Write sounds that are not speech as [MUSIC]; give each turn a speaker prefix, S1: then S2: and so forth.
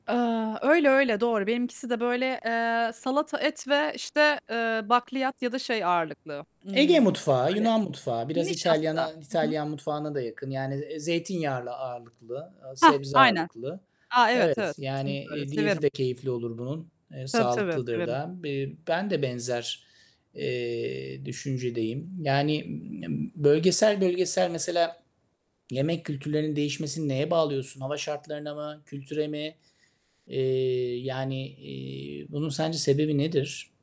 S1: Eee, öyle, öyle. Doğru. Benimkisi de böyle, eee, salata, et ve, işte, eee, bakliyat ya da şey ağırlıklı,
S2: Ege
S1: ımm,
S2: mutfağı,
S1: böyle,
S2: Yunan mutfağı, biraz
S1: nişasta.
S2: İtalyan'a
S1: Hı hı.
S2: İtalyan mutfağına da yakın. Yani, eee, zeytinyağlı ağırlıklı, aaa,
S1: Hah!
S2: sebze
S1: Aynen.
S2: ağırlıklı.
S1: A, evet,
S2: Evet.
S1: evet. Kesinlikle
S2: Yani,
S1: öyle.
S2: eee, diyeti
S1: Severim.
S2: de keyifli olur bunun. Eee,
S1: Tabii, tabii.
S2: sağlıklıdır
S1: Severim.
S2: da. B eee, ben de benzer, eee, düşüncedeyim. Yani [UNINTELLIGIBLE] bölgesel bölgesel mesela yemek kültürlerinin değişmesini neye bağlıyorsun? Hava şartlarına mı, kültüre mi? Eee, yani, eee, bunun sence sebebi nedir?